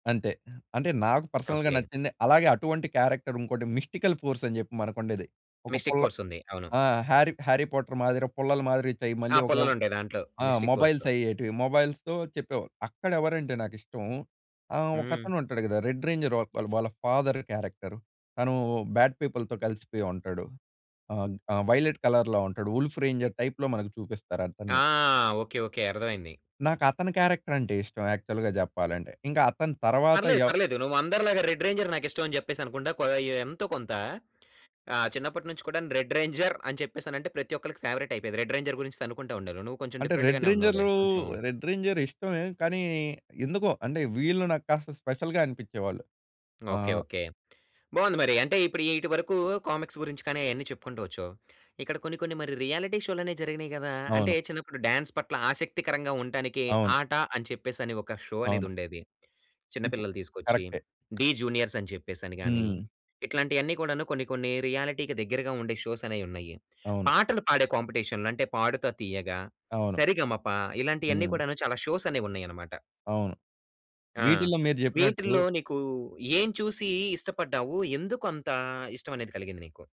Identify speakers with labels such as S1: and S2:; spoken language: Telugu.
S1: అంతే. అంటే నాకు పర్సనల్‌గా
S2: ఓకె.
S1: నచ్చింది, అలాగే అటువంటి క్యారెక్టర్ ఇంకోటి మిస్టికల్ ఫోర్స్ అని చెప్పి మనకు ఉండేది. ఒక
S2: 'మిస్టిక్‌
S1: పుల్ల
S2: ఫోర్స్' ఉంది. అవును.
S1: ఆ! హ్యారీ హ్యారీ పొటర్ మాదిరి, పుల్లలు మాదిరి చై
S2: ఆ!
S1: మళ్ళీ ఒక
S2: పుల్లలు ఉంటయి దాంట్లో,
S1: ఆ!
S2: Mystic‌
S1: mobiles
S2: ఫోర్స్‌లో.
S1: అయ్యేటివి, మొబైల్‌స్‌తో చెప్పేవాళ్ళు. అక్కడ ఎవరంటే నాకు ఇష్టం ఆహ్,
S2: హ్మ్.
S1: ఒకతను ఉంటాడు కదా! రెడ్ రేంజర్ వాల్ వాళ్ళ ఫాదర్ క్యారెక్టర్ తను బ్యాడ్ పీపుల్‌తో కలిసిపోయి ఉంటాడు. ఆహ్, ఆహ్, వైలెట్ కలర్‌లో ఉంటాడు వుల్ఫ్ రేంజర్ టైప్‌లో మనకు చూపిస్తారు
S2: ఆ!
S1: అతన్ని.
S2: Okay, okay. అర్థమైంది.
S1: నాకు అతని క్యారెక్టర్ అంటే ఇష్టం, యాక్చువల్‌గా చెప్పాలంటే. ఇంకా అతని తరువాత
S2: పర్లేదు,
S1: ఎవ్
S2: పర్లేదు. నువ్వు అందరిలాగా రెడ్ రేంజర్ నాకు ఇష్టం అని చెప్పేసి అనుకుం‌డ, కొ ఎంతో కొంత. ఆహ్, చిన్నపట్నుంచి కూడా‌ను రెడ్ రేంజర్ అని చెప్పేసానంటే, ప్రతి ఒక్కరికి ఫేవ‌రెట్ అయిపోయేది. రెడ్ రేంజర్ గురించి తన్నుకుంటా ఉండేవాళ్లు. నువ్వు కొంచెం
S1: అంటే
S2: డిఫరెంట్
S1: రెడ్‌
S2: గానే ఉన్నావులే.
S1: రేంజర్‌లూ,
S2: కొంచెం
S1: రెడ్‌ రేంజర్ ఇష్టమే కానీ, ఎందుకో అంటే వీళ్ళు నాక్కాస్త స్పెషల్‌గా అనిపించేవాళ్ళు.
S2: ఓకె,
S1: ఆహ్
S2: ఓకె. బాగుంది మరి అంటే ఇప్పుడు ఇటు వరకు కామిక్స్ గురించి కానీ అవన్నీ చెప్పుకుంటూ వచ్కావు. ఇక్కడ కొన్ని కొన్ని మరి రియాలిటీ షోలు జరిగినాయి కదా! అంటే
S1: అవును.
S2: చిన్నప్పుడు డాన్స్ పట్ల ఆసక్తికరంగా ఉండటానికి
S1: అవును.
S2: 'ఆట' అని చెప్పేసి అని ఒక షో అనేది
S1: అవును.
S2: ఉండేది.
S1: [unintelligible]
S2: చిన్నపిల్లలు తీసుకొచ్చి
S1: కరె‌క్టే.
S2: 'డీ జూనియర్స్' అని చెప్పేసి అని గాని,
S1: హ్మ్.
S2: ఇట్లాంటివి అన్ని కూడాను కొన్ని కొన్ని రియాలిటీకి దగ్గరగా ఉండే షోస్ అనేవి ఉన్నాయి.
S1: అవును.
S2: పాటలు పాడే కాంపిటీషన్‌లు అంటే 'పాడుతా తీయగా',
S1: అవును.
S2: 'సరిగమప' ఇలాంటివి అన్ని
S1: హ్మ్.
S2: కూడాను చాలా షోస్ అనేవి ఉన్నాయి అన్నమాట.
S1: అవును.
S2: ఆ!
S1: వీటిలో మీరు
S2: వీటిల్లో
S1: చెప్పినట్టు
S2: నీకు ఏం చూసి ఇష్టపడ్డావు? ఎందుకు అంత ఇష్టం అనేది కలిగింది నీకు?